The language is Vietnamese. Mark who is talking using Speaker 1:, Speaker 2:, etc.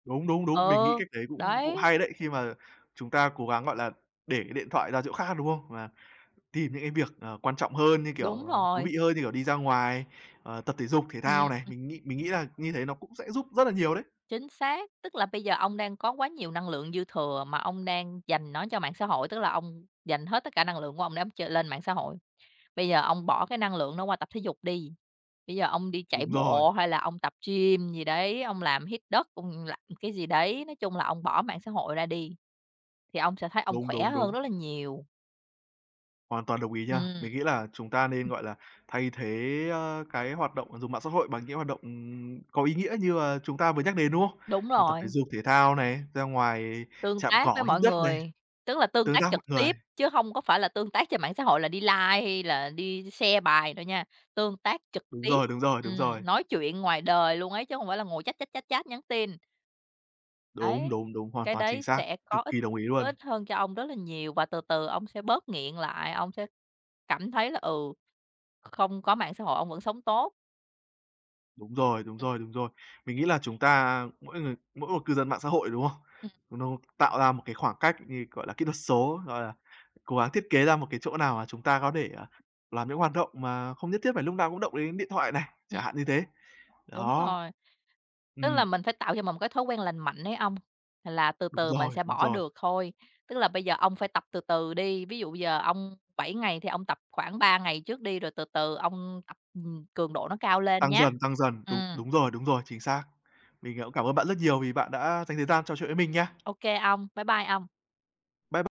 Speaker 1: Đúng, đúng, đúng, mình nghĩ
Speaker 2: Ờ.
Speaker 1: cách đấy cũng cũng
Speaker 2: Đấy.
Speaker 1: hay đấy. Khi mà chúng ta cố gắng, gọi là, để cái điện thoại ra chỗ khác, đúng không? Và tìm những cái việc, à, quan trọng hơn như, kiểu,
Speaker 2: Đúng
Speaker 1: ờ, thú
Speaker 2: rồi.
Speaker 1: vị hơn như, kiểu, đi ra ngoài, à, tập thể dục, thể
Speaker 2: Ừm,
Speaker 1: thao này,
Speaker 2: ừm.
Speaker 1: mình nghĩ mình nghĩ là như thế nó cũng sẽ giúp rất là nhiều đấy.
Speaker 2: Chính xác. Tức là bây giờ ông đang có quá nhiều năng lượng dư thừa mà ông đang dành nó cho mạng xã hội, tức là ông dành hết tất cả năng lượng của ông để ông chơi lên mạng xã hội. Bây giờ ông bỏ cái năng lượng nó qua tập thể dục đi, bây giờ ông đi chạy
Speaker 1: Đúng rồi.
Speaker 2: bộ hay là ông tập gym gì đấy, ông làm hít đất, ông làm cái gì đấy. Nói chung là ông bỏ mạng xã hội ra đi, thì ông sẽ thấy ông
Speaker 1: Đúng,
Speaker 2: khỏe
Speaker 1: đúng,
Speaker 2: hơn
Speaker 1: đúng.
Speaker 2: rất là nhiều.
Speaker 1: Hoàn toàn đồng ý nha.
Speaker 2: Ừm,
Speaker 1: Mình nghĩ là chúng ta nên,
Speaker 2: ừm.
Speaker 1: gọi là, thay thế, a, cái hoạt động dùng mạng xã hội bằng những hoạt động, ừm, có ý nghĩa như là chúng ta vừa nhắc đến, đúng không?
Speaker 2: Đúng
Speaker 1: Hoặc tập thể
Speaker 2: rồi.
Speaker 1: dục, thể thao này, ra ngoài
Speaker 2: Tương
Speaker 1: chạm
Speaker 2: tác với
Speaker 1: cỏ, hít
Speaker 2: mọi
Speaker 1: đất này,
Speaker 2: người, tức là tương
Speaker 1: tương
Speaker 2: tác
Speaker 1: tác
Speaker 2: trực
Speaker 1: mọi người.
Speaker 2: tiếp, chứ hông có phải là tương tác trên mạng xã hội là đi like hay là đi share bài đâu nha, tương tác trực
Speaker 1: Đúng
Speaker 2: tiếp,
Speaker 1: rồi, đúng rồi, đúng rồi.
Speaker 2: ừm, nói chuyện ngoài đời luôn ấy, chứ hông phải là ngồi chat, chat, chat, chat, nhắn tin.
Speaker 1: Đúng,
Speaker 2: Ấy,
Speaker 1: đúng, đúng, hoàn
Speaker 2: cái
Speaker 1: toàn
Speaker 2: đấy
Speaker 1: chính xác,
Speaker 2: sẽ có
Speaker 1: cực
Speaker 2: ích
Speaker 1: kỳ đồng ý
Speaker 2: có
Speaker 1: luôn.
Speaker 2: ích hơn cho ông rất là nhiều và từ từ ông sẽ bớt nghiện lại, ông sẽ cảm thấy là, ừ, không có mạng xã hội ông vẫn sống tốt.
Speaker 1: Đúng rồi, đúng rồi, đúng rồi. Mình nghĩ là chúng ta, mỗi người mỗi một cư dân mạng xã hội, đúng không?
Speaker 2: Ừm.
Speaker 1: Nó nó tạo ra một cái khoảng cách như, gọi là, kỹ thuật số, gọi là, cố gắng thiết kế ra một cái chỗ nào mà chúng ta có thể, à, làm những hoạt động mà không nhất thiết phải lúc nào cũng động đến điện thoại này,
Speaker 2: Ừm.
Speaker 1: chẳng hạn như thế.
Speaker 2: Đúng
Speaker 1: Đó.
Speaker 2: rồi. Tức
Speaker 1: Ừm.
Speaker 2: là mình phải tạo cho mình một cái thói quen lành mạnh ấy ông, là từ
Speaker 1: Đúng
Speaker 2: từ mình
Speaker 1: rồi,
Speaker 2: sẽ
Speaker 1: đúng
Speaker 2: bỏ
Speaker 1: rồi.
Speaker 2: được thôi. Tức là bây giờ ông phải tập từ từ đi, ví dụ giờ ông 7 ngày thì ông tập khoảng 3 ngày trước đi, rồi từ từ ông tập, ừm, cường độ nó cao lên
Speaker 1: Tăng
Speaker 2: nhá.
Speaker 1: dần, tăng dần. Đúng
Speaker 2: Ừm.
Speaker 1: đúng rồi, đúng rồi, chính xác. Mình cũng cảm ơn bạn rất nhiều vì bạn đã dành thời gian trò chuyện với mình nha.
Speaker 2: OK, ông. Bye bye ông.
Speaker 1: Bye b